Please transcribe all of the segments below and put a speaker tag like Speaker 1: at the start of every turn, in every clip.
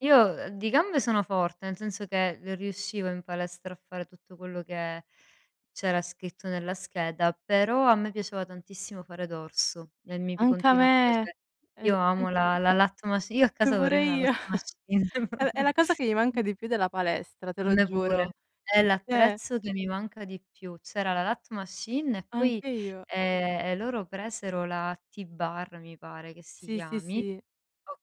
Speaker 1: Io, uhm, di gambe sono forte, nel senso che riuscivo in palestra a fare tutto quello che c'era scritto nella scheda, però a me piaceva tantissimo fare dorso, e mi p
Speaker 2: Anche a
Speaker 1: continua a
Speaker 2: me!
Speaker 1: piace
Speaker 2: Esa
Speaker 1: io amo
Speaker 2: [unintelligible]
Speaker 1: la la lat machine, Io a
Speaker 2: e
Speaker 1: casa vorrei
Speaker 2: pure
Speaker 1: una la lat
Speaker 2: io.
Speaker 1: machine.
Speaker 2: È v è la cosa che mi manca di più della palestra, te
Speaker 1: A
Speaker 2: lo
Speaker 1: me pure.
Speaker 2: giuro.
Speaker 1: È
Speaker 2: Eh!
Speaker 1: l'attrezzo che mi manca di più. C'era la lat machine e poi,
Speaker 2: Anche io.
Speaker 1: ehm, e loro presero la T-Bar, mi pare che si
Speaker 2: Sì, sì,
Speaker 1: chiami.
Speaker 2: sì.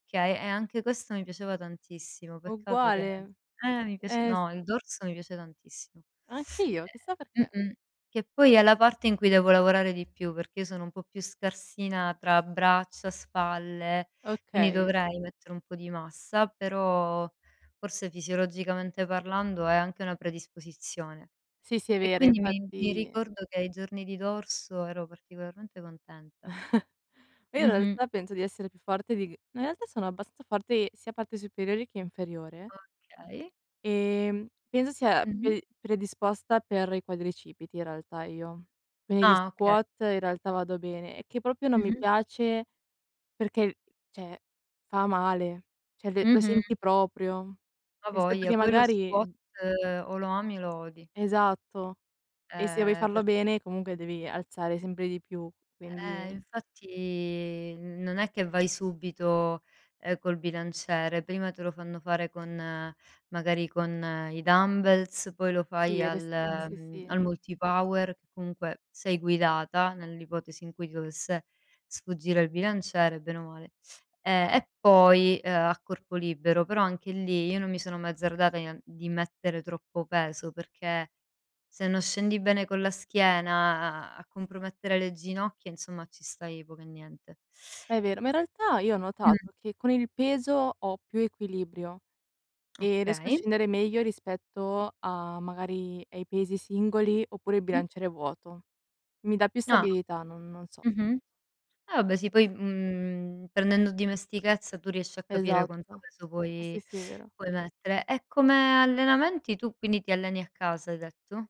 Speaker 1: Okay, e anche questo mi piaceva tantissimo, peccato che
Speaker 2: Uguale.
Speaker 1: eh, mi piace
Speaker 2: Eh s
Speaker 1: no, il dorso mi piace tantissimo.
Speaker 2: Anche io, chissà
Speaker 1: E
Speaker 2: perché.
Speaker 1: mh-mh. Che poi è la parte in cui devo lavorare di più, perché io sono un po' più scarsina tra braccia, spalle, quindi
Speaker 2: Okay.
Speaker 1: dovrei mettere un po' di massa, però forse fisiologicamente parlando è anche una predisposizione.
Speaker 2: Sì, sì, è
Speaker 1: E
Speaker 2: vero.
Speaker 1: quindi mi mi
Speaker 2: Infatti
Speaker 1: ricordo che ai giorni di dorso ero particolarmente contenta.
Speaker 2: Ma io in
Speaker 1: Mh-mh.
Speaker 2: realtà penso di essere più forte di g in realtà sono abbastanza forte sia parte superiori che inferiore.
Speaker 1: Okay.
Speaker 2: Ehm, penso sia
Speaker 1: Mh-mh.
Speaker 2: pe predisposta per i quadricipiti, in realtà, io. Quindi di
Speaker 1: Ah, okay.
Speaker 2: squat in realtà vado bene, è che proprio non mi
Speaker 1: Mh-mh.
Speaker 2: piace perché, cioè, fa male, cioè l lo
Speaker 1: Mh-mh.
Speaker 2: senti proprio,
Speaker 1: A
Speaker 2: rispetto
Speaker 1: voglia,
Speaker 2: che
Speaker 1: poi lo squat
Speaker 2: magari
Speaker 1: o lo ami o lo odi.
Speaker 2: Esatto. E se vuoi
Speaker 1: Ehm,
Speaker 2: farlo
Speaker 1: per
Speaker 2: bene comunque devi alzare sempre di più,
Speaker 1: Eh,
Speaker 2: quindi
Speaker 1: infatti. Non è che vai subito, ehm, col bilanciere, prima te lo fanno fare con, magari con i dumbbells, poi lo
Speaker 2: Sì,
Speaker 1: fai
Speaker 2: il res
Speaker 1: al
Speaker 2: mh, sì, si, sì.
Speaker 1: al Multipower, che comunque sei guidata, nell'ipotesi in cui ti dovesse sfuggire il bilanciere, bene o male. E e poi, ehm, a corpo libero, però anche lì io non mi sono mai azzardata di en di mettere troppo peso, perché se non scendi bene con la schiena, a a compromettere le ginocchia, insomma, ci stai poco e niente.
Speaker 2: È vero, ma in realtà io ho
Speaker 1: Mh.
Speaker 2: notato che con il peso ho più equilibrio e riesco a
Speaker 1: Okay.
Speaker 2: scendere meglio rispetto a, magari, ai pesi singoli oppure al
Speaker 1: Mh.
Speaker 2: bilanciere vuoto. Mi dà più
Speaker 1: Ah.
Speaker 2: stabilità, non non so.
Speaker 1: Mh-mh. Ah vabbè, sì. Poi, mhmm, prendendo dimestichezza tu riesci a capire quanto
Speaker 2: Esatto.
Speaker 1: peso
Speaker 2: Eh sì,
Speaker 1: puoi-
Speaker 2: sì, è vero.
Speaker 1: puoi mettere. E come allenamenti tu, quindi, ti alleni a casa hai detto?